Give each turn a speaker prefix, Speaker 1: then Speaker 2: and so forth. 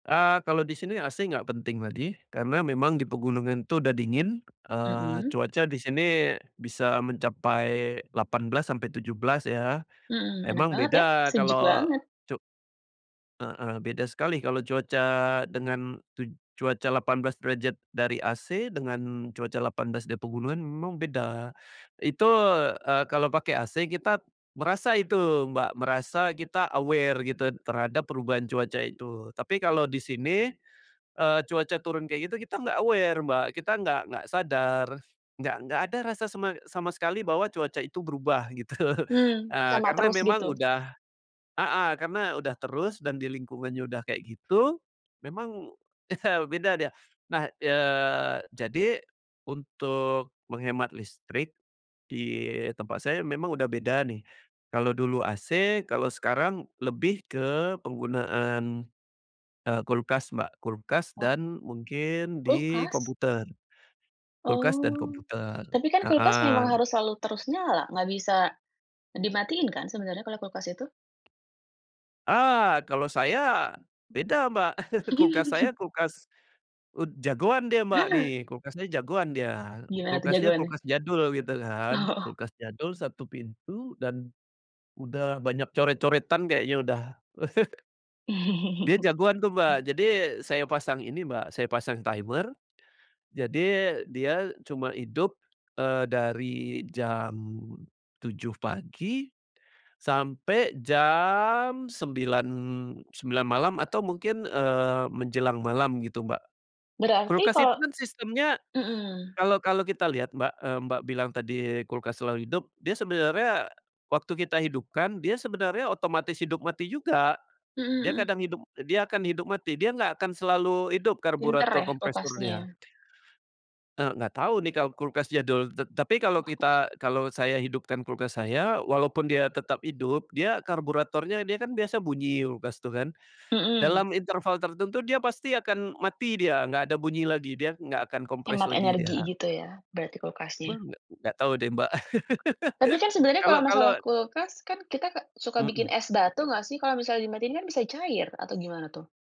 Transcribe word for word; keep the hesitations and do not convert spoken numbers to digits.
Speaker 1: Eee, kalau di sini, AC nggak penting ladi. Karena memang di pegunungan itu udah dingin. Eee,
Speaker 2: Mhm?
Speaker 1: cuaca di sini, bisa mencapai delapan belas sampai tujuh belas ya?
Speaker 2: Hmm. Enak
Speaker 1: Emang
Speaker 2: banget ya?
Speaker 1: beda
Speaker 2: Sejuk
Speaker 1: kalau
Speaker 2: banget.
Speaker 1: cu Heeh. Beda sekali kalau cuaca, dengan tuj cuaca delapan belas derajat dari AC, dengan cuaca delapan belas di pegunungan memang beda. Itu, eee, kalau pakai AC kita, merasa itu, Mbak, merasa kita aware gitu terhadap perubahan cuaca itu. Tapi kalau di sini, eee, cuaca turun kayak gitu, kita nggak aware, Mbak. Kita nggak nggak sadar. Nggak nggak ada rasa sama sama sekali bahwa cuaca itu berubah, gitu.
Speaker 2: Hmm,
Speaker 1: Eee,
Speaker 2: sama
Speaker 1: karena
Speaker 2: terus,
Speaker 1: memang
Speaker 2: gitu?
Speaker 1: udah heeh. Karena udah terus, dan di lingkungannya udah kayak gitu, memang beda dia. Nah, eee, jadi untuk menghemat listrik, di tempat saya memang udah beda nih. Kalau dulu AC, kalau sekarang lebih ke penggunaan, eee, kulkas Mbak. Kulkas
Speaker 2: Oh?
Speaker 1: dan mungkin di
Speaker 2: Kulkas?
Speaker 1: komputer. Kulkas dan
Speaker 2: Oh.
Speaker 1: komputer.
Speaker 2: Tapi kan kulkas
Speaker 1: Heeh.
Speaker 2: memang harus selalu terus nyala? Nggak bisa dimatiin kan sebenarnya kalau kulkas itu?
Speaker 1: Ah! Kalau saya beda Mbak. Kulkas saya kulkas, ud jagoan dia Mbak nih. Kulkasnya jagoan dia.
Speaker 2: Gimana tuh
Speaker 1: Kulkasnya
Speaker 2: jagoannya?
Speaker 1: kulkas jadul, gitu kan?
Speaker 2: Oh.
Speaker 1: Kulkas jadul satu pintu, dan udah banyak coret-coretan kayaknya udah. Dia jagoan tuh Mbak. Jadi, saya pasang ini Mbak, saya pasang timer. Jadi, dia cuma hidup, eee, dari jam tujuh pagi, sampai jam sembilan sembilan malam, atau mungkin, eee, menjelang malam gitu Mbak.
Speaker 2: Berarti
Speaker 1: Kulkas itu
Speaker 2: kalau
Speaker 1: kan sistemnya,
Speaker 2: mhm.
Speaker 1: kalau kalau kita lihat Mbak, eee, Mbak bilang tadi kulkas selalu hidup. Dia sebenarnya, waktu kita hidupkan, dia sebenarnya otomatis hidup mati juga.
Speaker 2: Mhm
Speaker 1: Dia
Speaker 2: mhm.
Speaker 1: kadang hidup dia akan hidup mati, dia nggak akan selalu hidup
Speaker 2: Pinter
Speaker 1: karburator
Speaker 2: ya,
Speaker 1: kompresornya.
Speaker 2: kulkasnya?
Speaker 1: Eee, nggak tahu nih kalau kulkas jadul. T tapi kalau
Speaker 2: [unintelligible]
Speaker 1: kita kalau saya hidupkan kulkas saya, walaupun dia tetap hidup, dia karburatornya dia kan biasa bunyi kulkas tuh kan?
Speaker 2: Mhm.
Speaker 1: Dalam interval tertentu dia pasti akan mati dia. Nggak ada bunyi lagi. Dia nggak akan kompres
Speaker 2: Hemat
Speaker 1: lagi
Speaker 2: energi,
Speaker 1: dia.
Speaker 2: gitu ya berarti
Speaker 1: Bel,
Speaker 2: kulkasnya?
Speaker 1: nggak? Nggak tau deh, Mbak.
Speaker 2: Tapi kan sebenarnya
Speaker 1: Kalo
Speaker 2: kalau
Speaker 1: kalo
Speaker 2: masalah kulkas kan kita ka suka bikin
Speaker 1: Mhm.
Speaker 2: es batu nggak sih? Kalau misalnya dimatiin kan, bisa cair atau gimana tuh?